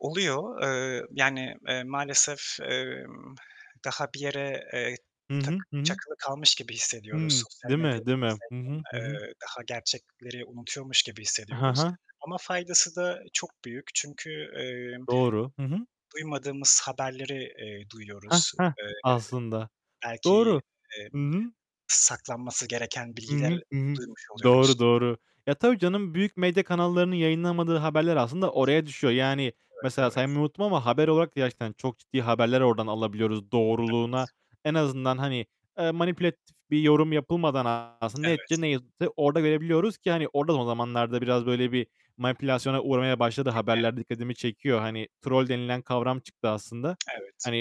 Oluyor, eee, yani, eee, maalesef, emm, daha bir yere, eee, Hı tak hı. Hı hı. çakılı kalmış gibi hissediyoruz Hı. sosyal Değil medyayı mi? Değil mi? Hı hı. [unintelligible] Hı hı. eee, daha gerçekleri unutuyormuş gibi Ha hissediyoruz ha. ama faydası da çok büyük. Çünkü, emm, Doğru. Hı hı. duymadığımız haberleri, eee, Heh, duyuyoruz. heh. Eee, Aslında. belki, Doğru. Hı emm, hı. saklanması gereken Hı bilgiler hı. Hı hı. duymuş Doğru, oluyoruz. doğru. Ya, tabii canım büyük medya kanallarının yayınlamadığı haberler aslında Evet. oraya düşüyor. Yani, Evet, mesela saymayı evet. unuttum ama haber olarak da gerçekten çok ciddi haberler oradan alabiliyoruz doğruluğuna, Evet. en azından hani, eee, manipülatif bir yorum yapılmadan aslında Evet. neticede ne yazıldıysa orada görebiliyoruz ki, hani orada da o zamanlarda biraz böyle bir manipülasyona uğramaya başladı Değil mi? haberler dikkatimi çekiyor. Hı. Hani troll denilen kavram çıktı aslında. Evet. Hani,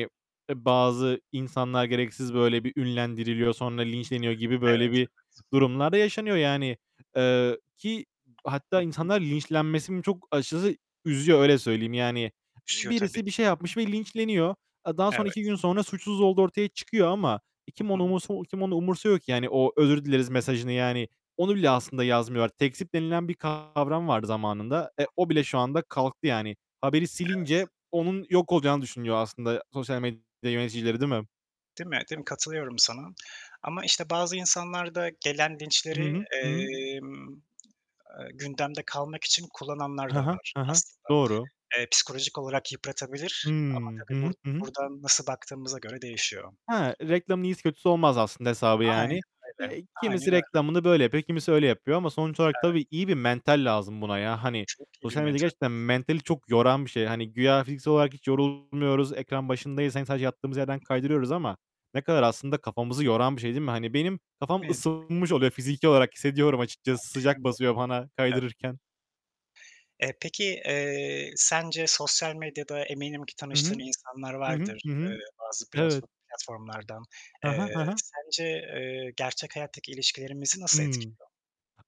eee, bazı insanlar gereksiz böyle bir ünlendiriliyor, sonra linçleniyor gibi böyle Evet, bir evet. durumlar da yaşanıyor yani. Eee, ki hatta Hı hı. insanlar linçlenmesini çok aşırı üzüyor öyle söyleyeyim yani. [unintelligible] tabii Birisi bir ki. şey yapmış ve linçleniyor. Eee, daha sonra 2 Evet. gün sonra suçsuz olduğu ortaya çıkıyor ama Hı kim ona hı. umursa kim onu umursuyor ki yani o özür dileriz mesajını, yani. Onu bile aslında yazmıyorlar. Tekzip denilen bir kavram vardı zamanında. Eee, o Hı bile hı. şu anda kalktı yani. Haberi Evet. silince onun yok olacağını düşünüyor aslında sosyal medya yöneticileri değil mi? Değil mi? Değil mi? Katılıyorum sana ama işte bazı insanlarda gelen Hı linçleri, hı. Hı hı. emm, eee, gündemde kalmak için kullananlar Ha da ha, var ha ha. aslında. Doğru. Eee, psikolojik olarak Hı. yıpratabilir ama Hı tabii bur hı, hı hı. buradan nasıl baktığımıza göre değişiyor. He, reklamın iyisi kötüsü olmaz aslında hesabı Aynen yani. öyle, Eee, aynen kimisi öyle. reklamını böyle yapıyor, kimisi öyle yapıyor ama sonuç olarak tabii Evet. iyi bir mental lazım buna ya. Hani Çok iyi bir sosyal medya [unintelligible] gerçekten mentali çok yoran bir şey. Hani güya fiziksel olarak hiç yorulmuyoruz. Ekran başındayız. Hani sadece yattığımız yerden kaydırıyoruz ama ne kadar aslında kafamızı yoran bir şey değil mi? Hani benim kafam [unintelligible] ısınmış oluyor fiziki olarak hissediyorum açıkçası sıcak [unintelligible] basıyor bana Ev kaydırırken. Eee, peki, eee, sence sosyal medyada eminim ki Hı hı. tanıştığın insanlar Hı hı. vardır, Hı hı. eee, bazı plat Evet. platformlardan. He he, Eee, he he. sence, eee, gerçek hayattaki ilişkilerimizi nasıl Hı. etkiliyor?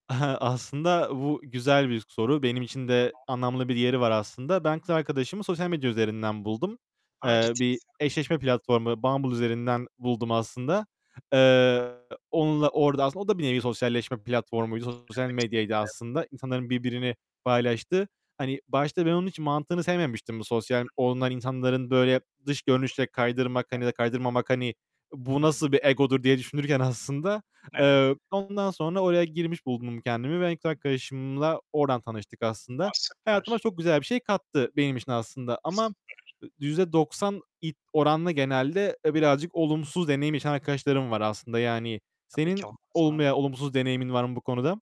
Aslında bu güzel bir soru. Benim için de Tamam. anlamlı bir yeri var aslında. Ben kız arkadaşımı sosyal medya üzerinden buldum. A, Eee, ciddi bir misin? eşleşme platformu, "Bumble" üzerinden buldum aslında. Eee, onunla orada aslında O da bir nevi Hı hı. sosyalleşme platformuydu, sosyal Evet, tabii medyaydı ki de. aslında. İnsanların birbirini paylaştığı. Hani başta ben onun hiç mantığını sevmemiştim bu sosyal Hı hı. olunan insanların böyle dış görünüşe kaydırmak, hani, ya da Evet. kaydırmamak hani "Bu Hı hı. nasıl bir egodur?" diye düşünürken aslında. Evet. Eee, ondan sonra oraya girmiş buldum kendimi ve kız arkadaşımla oradan tanıştık O, aslında. Hayatıma süper. çok güzel bir şey kattı benim için aslında ama Süper! ü %90 i oranla genelde, eee, birazcık olumsuz deneyim yaşayan arkadaşlarım var aslında. Yani Tabii ki. senin Olmaz olumlu mı? veya olumsuz deneyimin var mı bu konuda?